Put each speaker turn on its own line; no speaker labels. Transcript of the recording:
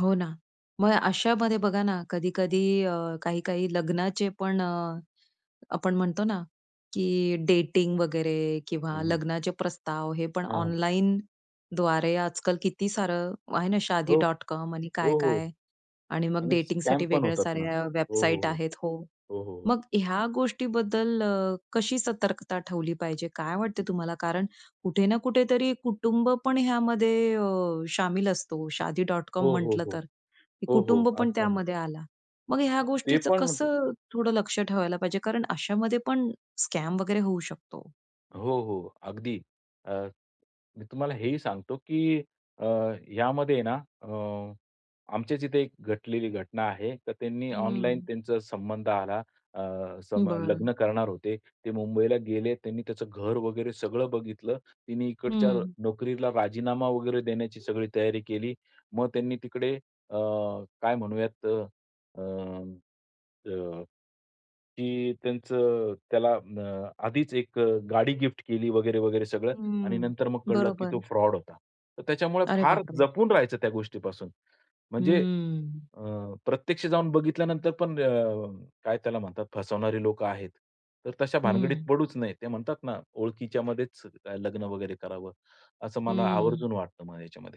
हो ना. मग अशामध्ये बघा ना, कधी-कधी अ, काही-काही लग्नाचे पण अ, आपण म्हणतो ना, की डेटिंग वगैरे
हं,
किंवा
हं.
लग्नाचे प्रस्ताव हे पण
हां.
ऑनलाईनद्वारे आजकाल किती सारं आहे ना,
हो.
Shaadi.com आणि
हो, हो.
काय-काय आणि मग
आणि स्कॅम
डेटिंगसाठी
पण
वेगळ्या
होतात ना.
साऱ्या
हो,
वेबसाईट
हो.
आहेत हो.
हो, हो. हो, हो.
मग ह्या गोष्टीबद्दल अ, कशी सतर्कता ठेवली पाहिजे? काय वाटतं तुम्हाला? कारण कुठे ना कुठेतरी कुटुंबपण ह्यामध्ये अ, शामिल असतो. Shaadi.com
हो, हो,
म्हंटलं
हो.
तर
हो, हो.
कुटुंबपण
आज पण.
त्यामध्ये आलं. मग ह्या
ते
गोष्टीच
पण होत
कसं थोडं लक्ष ठेवायला पाहिजे? कारण अशामध्ये पण स्कॅम वगैरे होऊ शकतो.
हो, हो. अगदी. अ, मी तुम्हाला हेही सांगतो की अ, यामध्ये ना अ, आमच्या इथे एक घटलेली घटना आहे. तर त्यांनी ऑनलाईन
हं.
त्यांचा संबंध आला. अ, संब
बरं.
लग्न करणार होते. ते मुंबईला गेले. त्यांनी त्याचं घर वगैरे सगळं बघितलं. तिने इकडच्या
हं.
नोकरीला राजीनामा वगैरे देण्याची सगळी तयारी केली. मग त्यांनी तिकडे अ, काय म्हणूयात अ, अ, अ, की त्यांचं त्याला अ, आधीच 1 अ, गाडी गिफ्ट केली वगैरे, वगैरे सगळं आणि
हम्म.
नंतर मग कळलं की तो
बरोबर.
फ्रॉड होता. तर त्याच्यामुळे
अरे
फार
बापरे!
जपून राहायचं त्या गोष्टीपासून. म्हणजे
हम्म.
अ, प्रत्यक्ष जाऊन बघितल्यानंतर पण अ, काय त्याला म्हणतात फसवणारे लोकं आहेत. तर तशा भानगडीत
हं.
पडूच नयेत. ते म्हणतात ना, ओळखीच्या मध्येच लग्न वगैरे करावं. असं मला
हं.
आवर्जून वाटतं मग याच्यामध्ये.